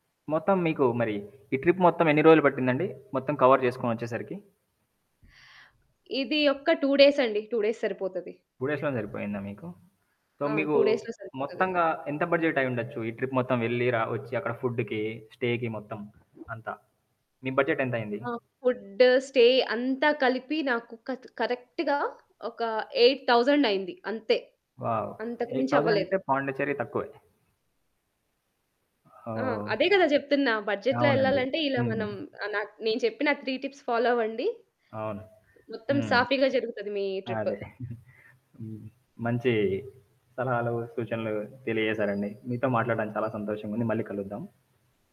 మొత్తం మీకు మరి ఈ ట్రిప్ మొత్తమెన్ని రోజులు పట్టిందండి? మొత్తం కవర్ చేసుకొనొచ్చేసరికి? ఇది ఒక్క 2 డేస్ అండి. 2 డేస్ సరిపోతది. 2 డేస్‌లోనే సరిగిపోయిందా మీకు? సో ఆ! మీకు 2 డేస్‌లో సరిపోతది. మొత్తంగా ఎంత బడ్జెట్ అయ్యిండొచ్చు? ఈ ట్రిప్ మొత్తం ఎళ్లి, రా వచ్చి, అక్కడ ఫుడ్‌కి, స్టేకి మొత్తం అంతా, మీ బడ్జెట్ ఎంతైంది? ఆ! ఫుడ్డు స్టే అంతా కలిపి నాకొక కరెక్ట్‌గా ఒక 8000 అయింది అంతే. వావ్! అంతకు 8 మించి అవ్వలేదు. థౌసనంటే పాండిచెర్రి తక్కువే. ఆ! ఓహో! అదే కదా! చెప్తున్నా బడ్జెట్‌లో అవునండి. ఎళ్ళాలంటే ఇలా హ్మ్. మనం నా నేను చెప్పిన 3 టిప్స్ ఫాలో అవ్వండి. అవును. మొత్తం హ్మ్. సాఫీగా జరుగుతది మీ ట్రిప్పు. అదే హ్మ్. మంచి సలహాలు సూచనలు తెలియజేశారండి. మీతో మాట్లాడడానికి చాలా సంతోషంగా ఉంది మళ్ళీ కలుద్దాం.